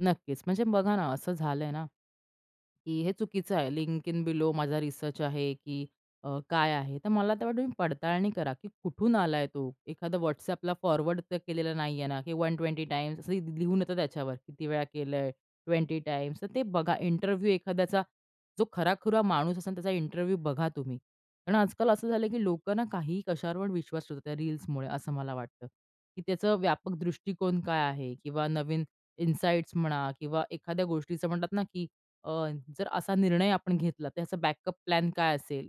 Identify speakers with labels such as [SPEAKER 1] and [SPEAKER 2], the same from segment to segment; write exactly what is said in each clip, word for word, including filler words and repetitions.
[SPEAKER 1] नक्कीच. म्हणजे बघा ना, असं झालंय ना, की हे चुकीचं आहे, लिंक इन बिलो माझा रिसर्च आहे की अ, काय आहे. तर मला तर वाटतं तुम्ही पडताळणी करा की कुठून आलाय तो? एखादा WhatsAppला फॉरवर्ड तर केलेलं नाहीये ना? की WhatsAppला वन ट्वेंटी टाइम्स असं ली लिहून येत त्याच्यावर, किती वेळा केलंय, ट्वेंटी टाइम्स तर ते बघा, इंटरव्ह्यू एखाद्याचा जो खरा-खुरा माणूस असेल त्याचा इंटरव्ह्यू बघा तुम्ही. कारण आज-काल असं झालंय की लोकंनं काहीही कशावर पण विश्वास ठेवतायेत रील्समुळे असं मला वाटतं, की त्याचं व्यापक दृष्टीकोन काय आहे? किंवा नवीन इनसाईट्स म्हणा किंवा एखाद्या गोष्टीचं म्हणतात ना, की अ, जर असा निर्णय आपण घेतला, तर त्याचा बॅकअप प्लॅन काय असेल?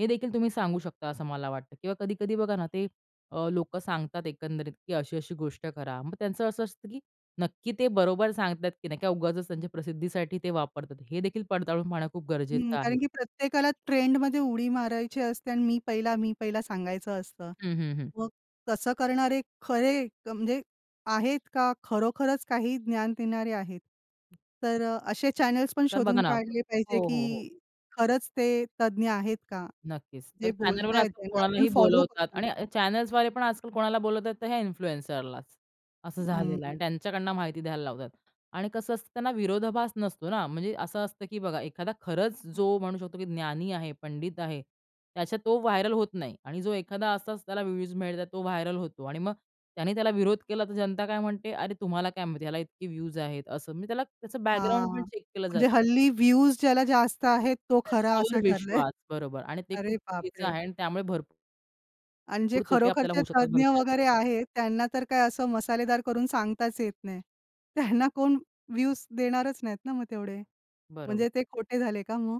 [SPEAKER 1] हे देखील तुम्ही सांगू शकता, असं मला वाटतं. किंवा कधी-कधी बघा ना, ते अ, लोकं सांगतात एकंदरीत की अशी-अशी गोष्ट करा. मग त्यांचं असं असतं की नक्की ते बरोबर सांगतात की नाही किंवा उगाचच त्यांच्या प्रसिद्धीसाठी ते वापरतात. हे देखील पडताळून पाहणं खूप
[SPEAKER 2] हं.
[SPEAKER 1] गरजेचं आहे.
[SPEAKER 2] कारण की प्रत्येकाला ट्रेंडमध्ये उडी मारायची असते आणि मी पहिला, मी पहिला, सांगायचं असतं.
[SPEAKER 1] हं, हं, हं.
[SPEAKER 2] मग तसं करणारे खरे क म्हणजे आहेत का खरोखरच काही ज्ञान देणारे आहेत? तर असे चॅनल्स पण
[SPEAKER 1] तर बघा
[SPEAKER 2] शोधून
[SPEAKER 1] ना हो,
[SPEAKER 2] काढले पाहिजे
[SPEAKER 1] हो, हो.
[SPEAKER 2] की खरंच ते तज्ञ आहेत का?
[SPEAKER 1] नक्कीच. तर
[SPEAKER 2] जे
[SPEAKER 1] चॅनलवर
[SPEAKER 2] बोलतायत
[SPEAKER 1] आजकाल
[SPEAKER 2] त्यांना आपण
[SPEAKER 1] कोणालाही
[SPEAKER 2] फॉलो
[SPEAKER 1] बोलावतात
[SPEAKER 2] करतो.
[SPEAKER 1] आणि अ चॅनल्सद्वारे पण आजकाल कोणाला बोलवतात, तर ह्या इन्फ्लुएन्सरलाच. असं झालेलं आहे आणि
[SPEAKER 2] हं.
[SPEAKER 1] त्यांच्याकडनं माहिती द्यायला लावतात आणि कसं असतं त्यांना विरोधाभास नसतो ना. म्हणजे असं असतं, की बघा एखादा खरंच जो म्हणू शकतो की ज्ञानी आहे, पंडित आहे, त्याच्या तो व्हायरल होत नाही आणि जो एखादा असाच त्याला व्ह्यूज मिळतात, तो व्हायरल होतो आणि मग त्याने त्याला विरोध केला, तर जनता काय म्हणते? "अरे! तुम्हाला काय माहिती आहे? याला इतके व्ह्यूज आहेत" असं. मग त्याला त्याचं बॅकग्राऊंड पण
[SPEAKER 2] हां,
[SPEAKER 1] चेक केलं जातं.
[SPEAKER 2] म्हणजे हल्ली व्ह्यूज ज्याला जास्त आहेत, तो खरा
[SPEAKER 1] त्याच्यावर
[SPEAKER 2] असं ठरलंय.
[SPEAKER 1] विश्वास. बरोबर आणि ते
[SPEAKER 2] अरे
[SPEAKER 1] खूप चुकीचं
[SPEAKER 2] बापरे!
[SPEAKER 1] आहे आणि त्यामुळे भर
[SPEAKER 2] आणि जे
[SPEAKER 1] पूर तोटे आपल्याला
[SPEAKER 2] खरोखरचे
[SPEAKER 1] होऊ शकतात
[SPEAKER 2] तज्ञ
[SPEAKER 1] भविष्यात.
[SPEAKER 2] वगैरे आहेत, त्यांना तर काय असं मसालेदार करून सांगताच येत नाही. त्यांना कोण व्ह्यूज देणारच नाहीत ना, मग तेवढे.
[SPEAKER 1] बरोबर.
[SPEAKER 2] म्हणजे ते खोटे झाले का मग?